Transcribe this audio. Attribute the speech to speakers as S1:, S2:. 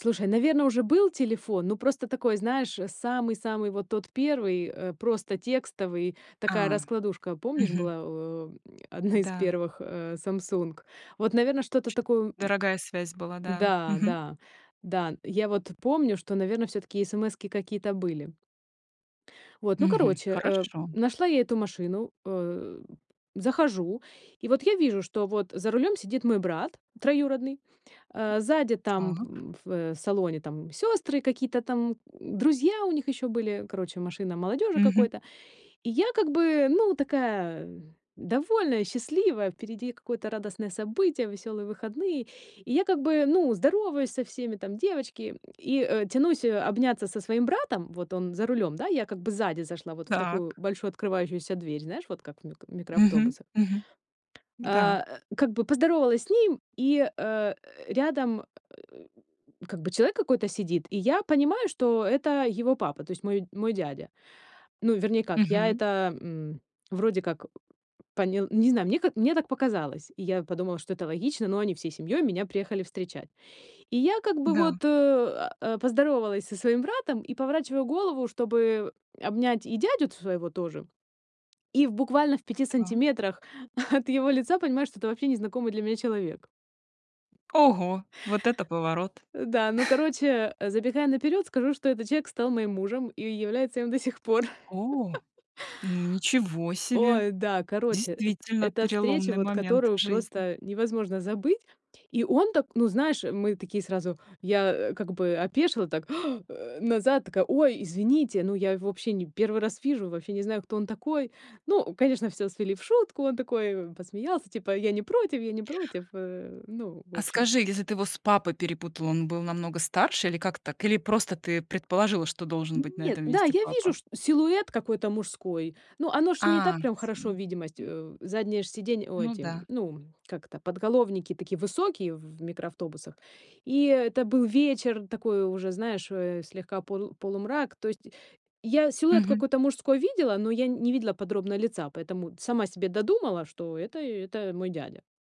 S1: Слушай, наверно, уже был телефон, но просто такой, знаешь, самый-самый вот тот 1, э, просто текстовый, такая
S2: А,
S1: раскладушка, помнишь,
S2: мгм.
S1: была, э, одна из
S2: Да.
S1: первых, а, "Самсунг"? Вот, наверно, что-то
S2: Чт
S1: такое, м
S2: дорогая связь была, да.
S1: Да,
S2: Мгм.
S1: да, да. Я вот помню, что, наверно, всё-таки эсэмэски какие-то были. Вот, ну,
S2: Мгм,
S1: короче, э,
S2: хорошо.
S1: нашла я эту машину, э, захожу, и вот я вижу, что вот за рулем сидит мой брат троюродный, э, сзади там
S2: Так.
S1: в, э, салоне там сёстры, какие-то там друзья у них ещё были, короче, машина молодёжи
S2: Мгм.
S1: какой-то. И я как бы, ну, такая довольная, счастливая, впереди какое-то радостное событие, весёлые выходные, и я как бы, ну, здороваюсь со всеми, там девочки, и, э, тянусь обняться со своим братом. Вот он за рулём, да, я как бы сзади зашла вот в такую
S2: Так.
S1: большую открывающуюся дверь, знаешь, вот как в мик в
S2: Мгм,
S1: микроавтобусах.
S2: мгм,
S1: А,
S2: да.
S1: э, как бы поздоровалась с ним, и, э, рядом как бы человек какой-то сидит, и я понимаю, что это его папа, то есть мой мой дядя. Ну, вернее как, я
S2: Мгм.
S1: это, м, вроде как поня не знаю, мне как, мне так показалось, и я подумала, что это логично, ну, они всей семьёй меня приехали встречать. И я как бы
S2: Да.
S1: вот, э, а, поздоровалась со своим братом и поворачиваю голову, чтобы обнять и дядю т своего тоже. И в буквально в 5
S2: Та.
S1: сантиметрах от его лица понимаю, что это вообще незнакомый для меня человек.
S2: Ого, вот это поворот!
S1: Э, да, ну, короче, забегая наперёд, скажу, что этот человек стал моим мужем и является им до сих пор.
S2: О, ну ничего себе!
S1: Ой, да, короче, эт
S2: Действительно
S1: эта встреча,
S2: переломный
S1: вот
S2: момент в
S1: которую
S2: жизни.
S1: просто невозможно забыть. И он так, ну, знаешь, мы такие сразу, я как бы опешила так, э, назад, такая: "Ой, извините". Ну, я его вообще не 1 раз вижу, вообще не знаю, кто он такой. Ну, конечно, всё свели в шутку, он такой посмеялся, типа: "Я не против, я не против, э". Ну, в
S2: А
S1: общем.
S2: скажи, если ты его с папой перепутала, он был намного старше или как так, или просто ты предположила, что должен быть на
S1: Нет,
S2: этом
S1: да,
S2: месте
S1: я вижу
S2: папа?
S1: шт силуэт какой-то мужской, ну, оно ж не
S2: А,
S1: так прям
S2: всё,
S1: хорошо, видимость,
S2: м.
S1: э, заднее ж сиденье, ой,
S2: Ну
S1: эти,
S2: да.
S1: ну, как это, подголовники такие высокие в в микроавтобусах. И это был вечер такой уже, знаешь э, слегка полу полумрак, то есть я силуэт
S2: Мгм.
S1: какой-то мужской видела, но я не видела подробно лица, поэтому сама себе додумала, что это это мой дядя.